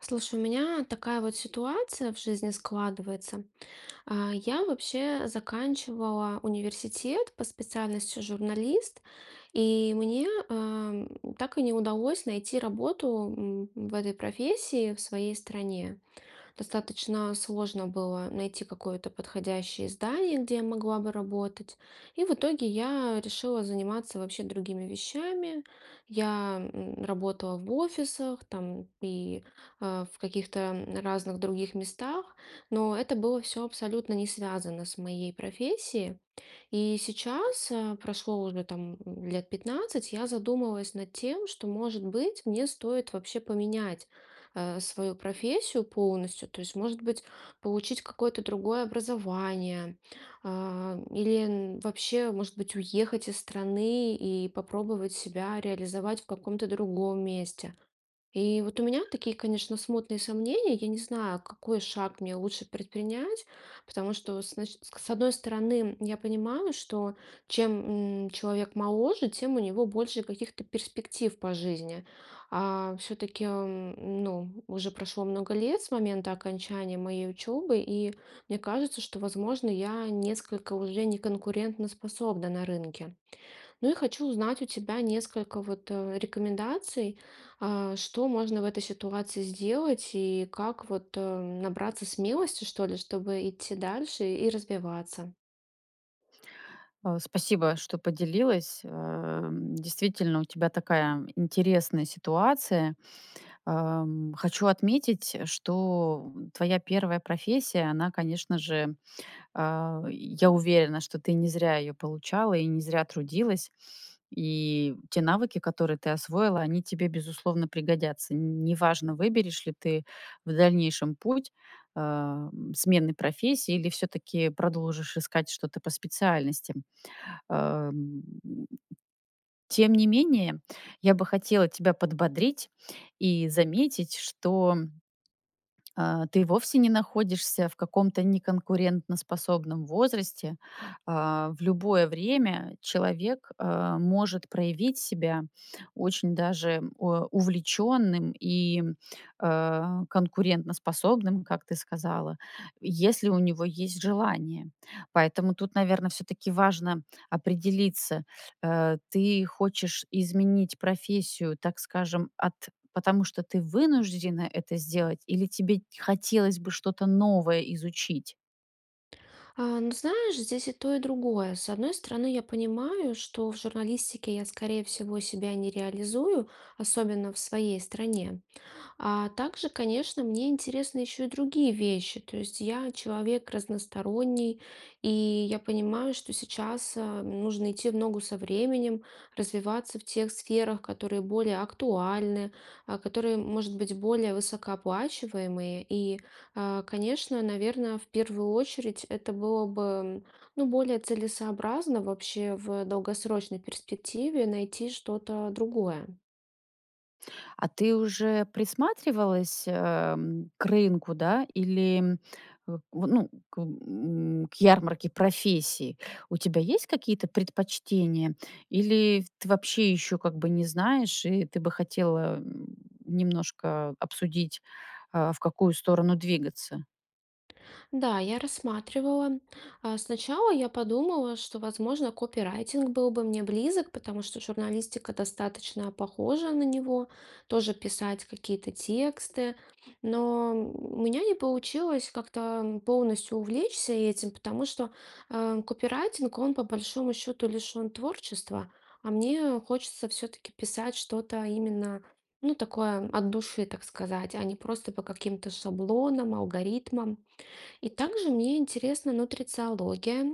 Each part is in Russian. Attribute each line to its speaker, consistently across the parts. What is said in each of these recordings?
Speaker 1: Слушай, у меня такая вот ситуация в жизни складывается. А, я вообще заканчивала университет по специальности "журналист" и мне, э, так и не удалось найти работу, м, в этой профессии в своей стране. Достаточно сложно было найти какое-то подходящее издание, где я могла бы работать. И в итоге я решила заниматься вообще другими вещами. Я, м, работала в офисах, там, и, э, в каких-то разных других местах. Но это было всё абсолютно не связано с моей профессией. И сейчас, э, прошло уже, там, лет 15, я задумалась над тем, что, может быть, мне стоит вообще поменять, э, свою профессию полностью. То есть, может быть, получить какое-то другое образование. А, или н вообще, может быть, уехать из страны и попробовать себя реализовать в каком-то другом месте. И вот у меня такие, конечно, смутные сомнения. Я не знаю, какой шаг мне лучше предпринять. Потому что, с начи к с одной стороны, я понимаю, что чем, м, человек моложе, тем у него больше каких-то перспектив по жизни. А, всё-таки, м, ну, уже прошло много лет с момента окончания моей учебы, и мне кажется, что, возможно, я несколько уже не конкурентноспособна на рынке. Ну, и хочу узнать у тебя несколько вот, э, рекомендаций, э, что можно в этой ситуации сделать? И как, вот, э, набраться смелости, что ли, чтобы идти дальше и развиваться?
Speaker 2: А, спасибо, что поделилась. Эм, действительно у тебя такая интересная ситуация. Ам, хочу отметить, что, м, твоя 1 профессия- она, конечно же, а Я уверена, что ты не зря её получала и не зря трудилась, и те навыки, которые ты освоила, они тебе, безусловно пригодятся. Н неважно, выберешь ли ты в дальнейшем путь, ам, смены профессии или всё-таки продолжишь искать что-то по специальности. Ам. Тем не менее, я бы хотела тебя подбодрить и заметить, что, а, ты вовсе не находишься в каком-то неконкурентоспособном возрасте. А, в любое время человек, а, может проявить себя очень даже о увлечённым и, а, конкурентоспособным, как ты сказала, если у него есть желание. Поэтому тут, наверно, всё-таки важно определиться. Э, ты хочешь изменить профессию, так скажем, от потому что ты вынуждена это сделать или тебе хотелось бы что-то новое изучить?
Speaker 1: А ну знаешь, здесь и то, и другое. С одной стороны, я понимаю, что в журналистике я, скорее всего, себя не реализую, особенно в своей стране. А также, конечно, мне интересны еще и другие вещи. То есть я человек разносторонний, и я понимаю, что сейчас, а, нужно идти в ногу со временем, развиваться в тех сферах, которые более актуальны, а, которые, может быть, более высокооплачиваемые. И, а, конечно, наверно, в 1 очередь это было бы, м, ну, более целесообразно вообще в долгосрочной перспективе найти что-то другое.
Speaker 2: А ты уже присматривалась, эм, к рынку, да, или, м, в ну, к м, к ярмарке профессий? У тебя есть какие-то предпочтения или в тв ты вообще ещё как бы не знаешь и ты бы хотела, м, немножко обсудить, а, в какую сторону двигаться?
Speaker 1: Да, я рассматривала. А, сначала я подумала, что, возможно, копирайтинг был бы мне близок, потому что журналистика достаточно похожа на него, тоже писать какие-то тексты. Но, м, у меня не получилось как-то, м, полностью увлечься этим, потому что, а, копирайтинг- он по большому счету лишен творчества, а мне хочется всё-таки писать что-то именно, ну, такое- от души, так сказать, а не просто по каким-то шаблонам, алгоритмам. И также мне интересна нутрициология.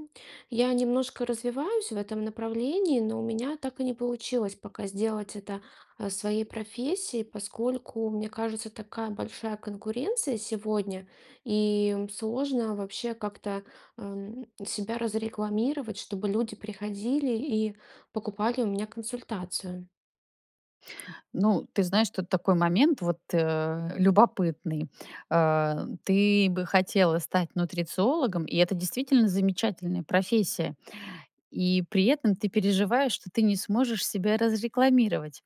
Speaker 1: Я немножко развиваюсь в этом направлении, но у меня так и не получилось пока сделать это, а, своей профессией, поскольку, мне кажется, такая большая конкуренция сегодня, и, м, сложно вообще как-то, ам, себя разрекламировать, чтобы люди приходили и покупали у меня консультацию.
Speaker 2: Ну, ты знаешь, тут такой момент, вот, э, любопытный. А, ты бы хотела стать нутрициологом- и это действительно замечательная профессия. И при этом ты переживаешь, что ты не сможешь себя разрекламировать.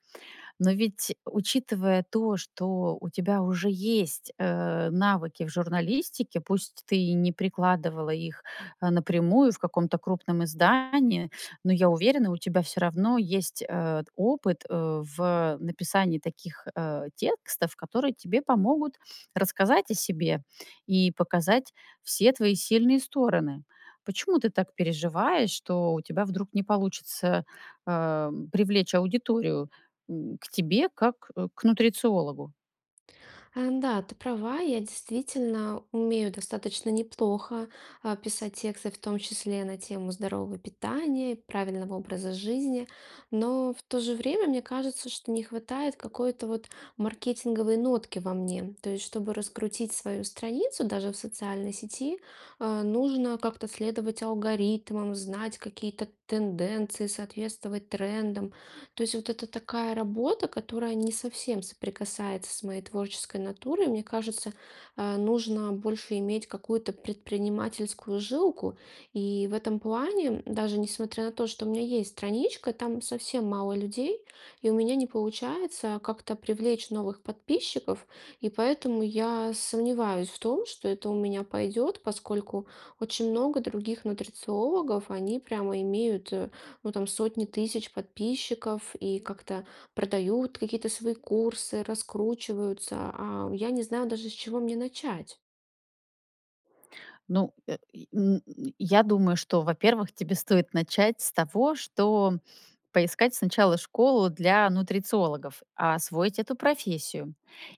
Speaker 2: Но ведь, учитывая то, что у тебя уже есть, э, навыки в журналистике, пусть ты и не прикладывала их, а, напрямую в каком-то крупном издании, но, я уверена, у тебя всё равно есть, э, опыт, э, в написании таких, э, текстов, которые тебе помогут рассказать о себе и показать все твои сильные стороны. Почему ты так переживаешь, что у тебя вдруг не получится, эм, привлечь аудиторию, м, к тебе как к нутрициологу?
Speaker 1: А, да, ты права. Я действительно умею достаточно неплохо, а, писать тексты, в том числе, на тему здорового питания, правильного образа жизни. Но, в то же время, мне кажется, что не хватает какой-то вот маркетинговой нотки во мне. То есть, чтобы раскрутить свою страницу даже в социальной сети, а, нужно как-то следовать алгоритмам, знать какие-то тенденции, соответствовать трендам. То есть вот это такая работа, которая не совсем соприкасается с моей творческой натурой. Мне кажется, а, нужно больше иметь какую-то предпринимательскую жилку. И в этом плане, м, даже несмотря на то, что у меня есть страничка, там совсем мало людей, и у меня не получается как-то привлечь новых подписчиков. И поэтому я сомневаюсь в том, что это у меня пойдет, поскольку очень много других нутрициологов, они прямо имеют, а, ну, там сотни тысяч подписчиков и как-то продают какие-то свои курсы, раскручиваются. А я не знаю даже с чего мне начать.
Speaker 2: Ну, э, и, м, я думаю, что, во-первых, тебе стоит начать с того, что поискать сначала школу для нутрициологов, а, освоить эту профессию.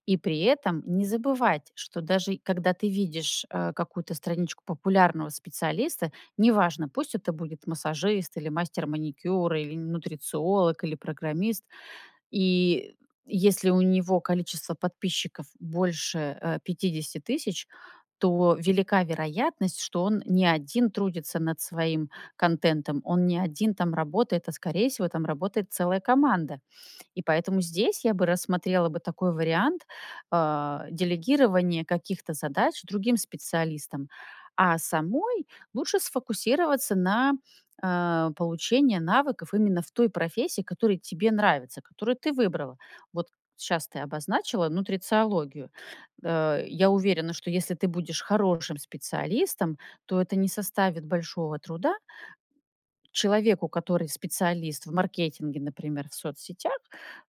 Speaker 2: И при этом не забывать, что даже когда ты видишь, э, какую-то страничку популярного специалиста- неважно, пусть это будет массажист или мастер маникюра, или н нутрициолог, или программист. И, м, если у него количество подписчиков больше, э, 50 тысяч, то велика вероятность, что он не 1 трудится над своим контентом, он не 1 там работает, а, скорее всего, там работает целая команда. И поэтому здесь я бы рассмотрела бы такой вариант, а, делегирования каких-то задач другим специалистам, а самой лучше сфокусироваться на, а, получении навыков именно в той профессии, которая тебе нравится, которую ты выбрала. Вот щас ты обозначила нутрициологию. Э, я уверена, что если ты будешь хорошим специалистом, то это не составит большого труда человеку, который специалист в маркетинге, например, в соцсетях,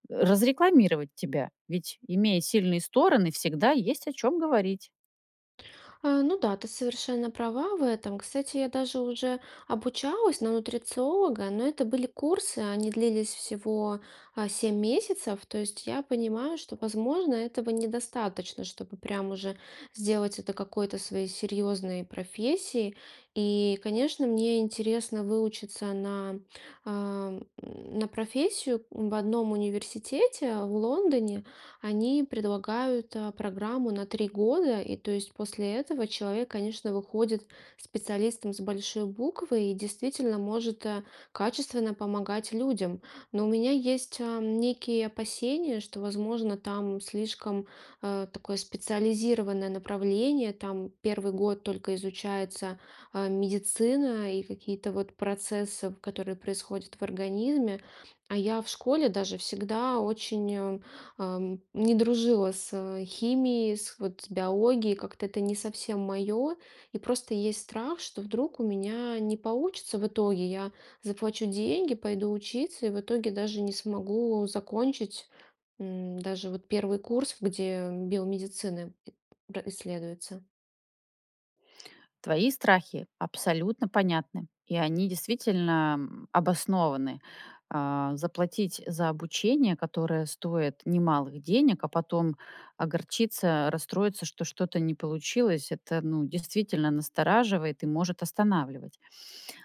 Speaker 2: э, разрекламировать тебя, ведь имея сильные стороны, всегда есть о чём говорить.
Speaker 1: А, ну да, ты совершенно права в этом. Кстати, я даже уже обучалась на нутрициолога, но это были курсы. Они длились всего, а, 7 месяцев. То есть я понимаю, что, возможно, этого недостаточно, чтобы прям уже сделать это какой-то своей серьезной профессией. И, конечно, мне интересно выучиться на, ам, на профессию в одном университете в Лондоне. Они предлагают, а, программу на 3 года. И, то есть, после этого человек, конечно, выходит специалистом с большой буквы и действительно может, э, качественно помогать людям. Но у меня есть, ам, некие опасения, что, возможно, там слишком, а, такое специализированное направление. Там 1 год только изучается, а, медицина и какие-то вот процессы, в которые происходят в организме. А я в школе даже всегда очень, э, ам, не дружила с химией, с, вот, с биологией. Как-то это не совсем мое. И просто есть страх, что вдруг у меня не получится в итоге. Я заплачу деньги, пойду учиться, и в итоге даже не смогу закончить, м, даже вот 1 курс, где биомедицина и ра исследуется.
Speaker 2: Твои страхи абсолютно понятны, и они действительно, м, обоснованы. Э, заплатить за обучение, которое стоит немалых денег, а потом огорчиться, расстроиться, что что-то не получилось- это, ну, действительно настораживает и может останавливать.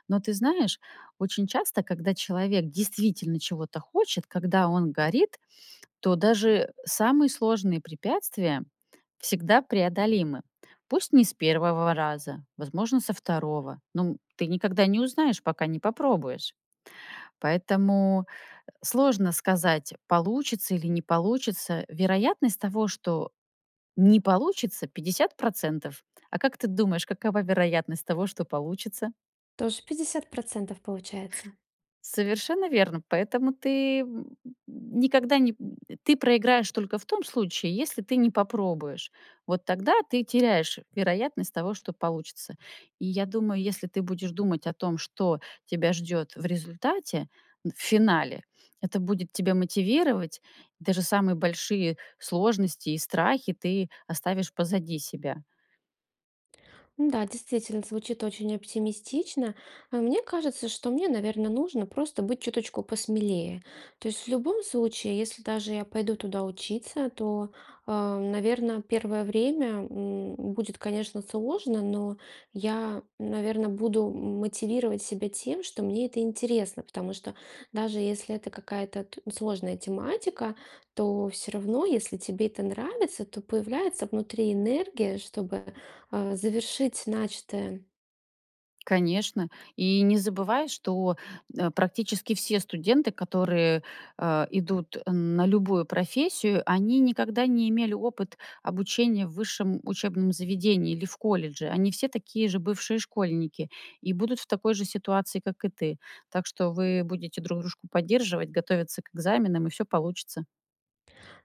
Speaker 2: Но ты знаешь, очень часто, когда человек действительно чего-то хочет, когда он горит, то даже самые сложные препятствия всегда преодолимы. Пусть не с 1 раза, возможно со 2, но, м, ты никогда не узнаешь, пока не попробуешь. Поэтому, э, сложно сказать, получится или не получится. Вероятность того, что не получится- 50 %. А как ты думаешь, какова вероятность того, что получится?
Speaker 1: Тоже 50 %, получается.
Speaker 2: Совершенно верно. Поэтому ты, м, м, никогда не, м, ты проиграешь только в том случае, если ты не попробуешь. Вот тогда ты теряешь вероятность того, что получится. И я думаю, если ты будешь думать о том, что тебя ждет в результате в финале, это будет тебя мотивировать. И даже самые большие сложности и страхи ты оставишь позади себя.
Speaker 1: Н-да, действительно, звучит очень оптимистично. А мне кажется, что мне, наверно, нужно просто быть чуточку посмелее. То есть, в любом случае, если даже я пойду туда учиться, то, а, наверно, 1 время, м, будет, конечно, сложно, но я, наверно, буду, м мотивировать себя тем, что мне это интересно. Потому что даже если это какая-то т сложная тематика, то всё равно, если тебе это нравится, то появляется внутри энергия, чтобы, а, завершить начатое.
Speaker 2: Конечно. И не забывай, что, э, практически все студенты, которые, а, идут, э, на любую профессию, они никогда не имели опыт обучения в высшем учебном заведении или в колледже. Они все такие же бывшие школьники и будут в такой же ситуации, как и ты. Так что вы будете друг дружку поддерживать, готовиться к экзаменам, и всё получится.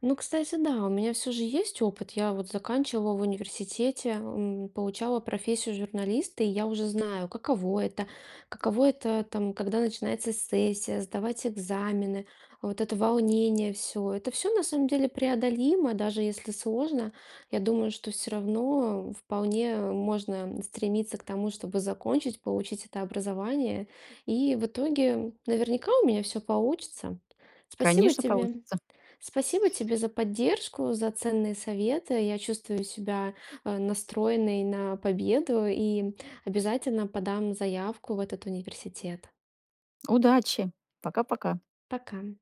Speaker 1: Ну, кстати, да, у меня всё же есть опыт. Я вот заканчивала в университете, м, получала профессию журналиста, и я уже знаю, каково это. Каково это, там, когда начинается сессия, сдавать экзамены. Вот это волнение всё- это всё, на самом деле, преодолимо, даже если сложно. Я думаю, что всё равно вполне можно стремиться к тому, чтобы закончить, получить это образование. И в итоге, наверняка, у меня всё получится. Спасибо
Speaker 2: Конечно
Speaker 1: тебе.
Speaker 2: получится.
Speaker 1: Спасибо тебе за поддержку, за ценные советы. Я чувствую себя, а, настроенной на победу, и обязательно подам заявку в этот университет.
Speaker 2: Удачи! Пока-пока.
Speaker 1: Пока!